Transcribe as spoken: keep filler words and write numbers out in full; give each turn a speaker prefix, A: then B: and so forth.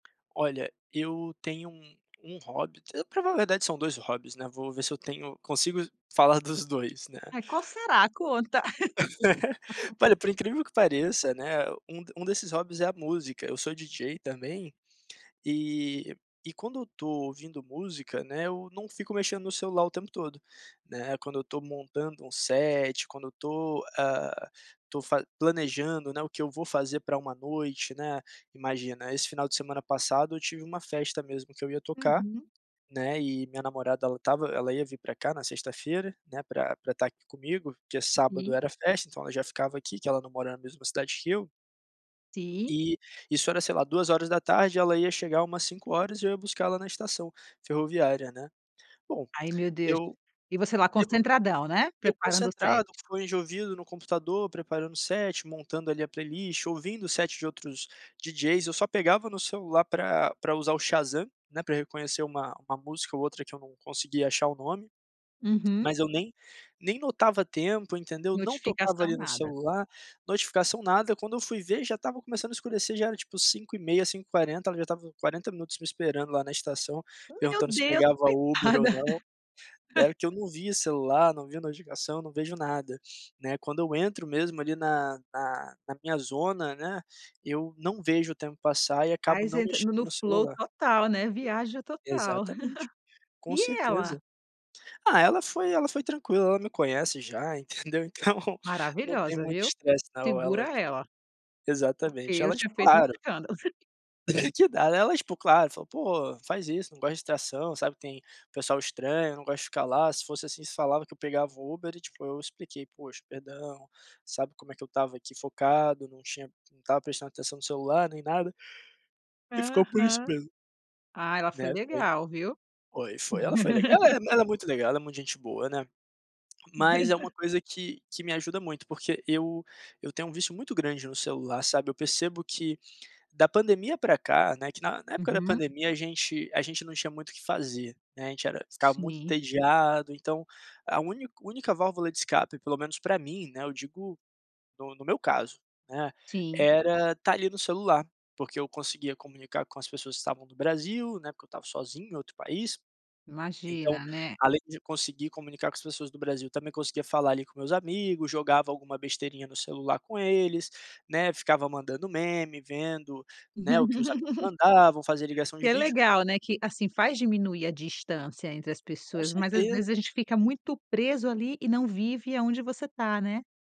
A: Olha, eu tenho um hobby. T pra falar a verdade, são dois hobbies, né. Vou ver se eu tenho consigo falar dos dois, né.
B: Eh, qual será? Conta.
A: Olha, por incrível que pareça, né, um d um desses hobbies, é a música. Eu sou DJ, também. E e quando eu tô ouvindo música, né, eu não fico mexendo no celular o tempo todo, né. Quando eu tô montando um set, quando eu tô, ah, tô fa planejando, né, o que eu vou fazer pra uma noite, né. Imagina, esse final de semana passado, eu tive uma festa mesmo que eu ia tocar,
B: Uhum.
A: né. E, minha namorada ela estava ela ia vir pra cá na sexta-feira, né, pra pra estar aqui comigo, porque sábado
B: Sim.
A: era festa, então ela já ficava aqui, que ela não mora na mesma cidade que eu
B: Sim.
A: E isso era, sei lá, duas horas da tarde e ela ia chegar umas cinco horas e eu ia buscá-la na estação ferroviária, né. Bom,
B: Ai, meu Deus.
A: eu
B: E você lá
A: eu
B: concentradão, né,
A: eu
B: preparando o set.
A: concentrado, com o fone de ouvido no computador, preparando o set, montando, ali, a playlist, ouvindo o set de outros DJs, eu só pegava no celular pra pra usar o Shazam, né, pra reconhecer uma uma música ou outra que eu não conseguia achar o nome.
B: Uhum.
A: Mas eu nem nem notava tempo, entendeu, não tocava
B: Notificação,
A: ali no
B: nada.
A: celular, notificação nada. Quando eu fui ver, já estava começando a escurecer. Já era, tipo cinco e meia, cinco e quarenta, ela já estava quarenta minutos me esperando lá na estação,
B: Meu
A: perguntando se
B: Deus!
A: pegava Uber ou
B: Coitada.
A: não. Era que eu não via celular, não via notificação, não vejo nada, né. Quando eu entro mesmo ali, na na na minha zona, né, eu não vejo o tempo passar e acabo
B: Aí
A: não
B: você entra no
A: mexendo
B: no
A: no
B: flow
A: celular.
B: total, né. Viaja total.
A: Exatamente, com
B: E ela?
A: certeza. Ah, ela foi ela foi tranquila. Ela me conhece já, entendeu. Então, não tem
B: Maravilhosa,
A: muito
B: viu?
A: estresse não, ela,
B: Segura
A: ti
B: ela. Porque
A: exatamente.
B: eu
A: Ela,
B: tinha
A: tipo,
B: feito um
A: claro
B: escândalo.
A: Que nada. Ela tipo, claro, falou: "Pô, não faz isso, não gosto de estação, sabe que tem pessoal estranho, não gosto de ficar lá, se fosse assim você falava que eu pegava um Uber". E, tipo, eu expliquei: "Poxa, perdão, sabe como é que eu estava aqui focado, não tinha não estava prestando atenção no celular nem nada". E ficou por isso
B: Aham.
A: mesmo.
B: Ah, ela foi
A: Né. Foi,
B: legal, viu?
A: foi, foi. Ela foi leg ela é ela é muito legal. Ela é muito gente boa, né. Mas é uma coisa que que me ajuda muito. Porque eu eu tenho um vício muito grande no celular, sabe. Eu percebo que da pandemia pra cá, né que na na época da
B: Uhum.
A: pandemia, a gente a gente não tinha muito o que fazer, né. A gente era ficava muito
B: Sim.
A: entediado. Então, a úni única válvula de escape, pelo menos pra mim, né, eu digo no no meu caso, né,
B: Sim.
A: era estar ali no celular, porque eu conseguia comunicar com as pessoas que estavam no Brasil, né, porque eu estava sozinho em outro país. Então,
B: Imagina, né.
A: além de conseguir comunicar com as pessoas do Brasil, também conseguia falar ali com meus amigo. Jogava alguma besteirinha no celular com eles, né. Ficava mandando meme, vendo, né, o que os amigos mandavam. Fazia ligação
B: Que
A: de
B: é
A: vídeo
B: legal, né, que, assim, faz diminuir a distância entre as
A: Com
B: pessoas. Mas às vezes a
A: certeza.
B: gente fica muito preso ali e não vive aonde você tá, né?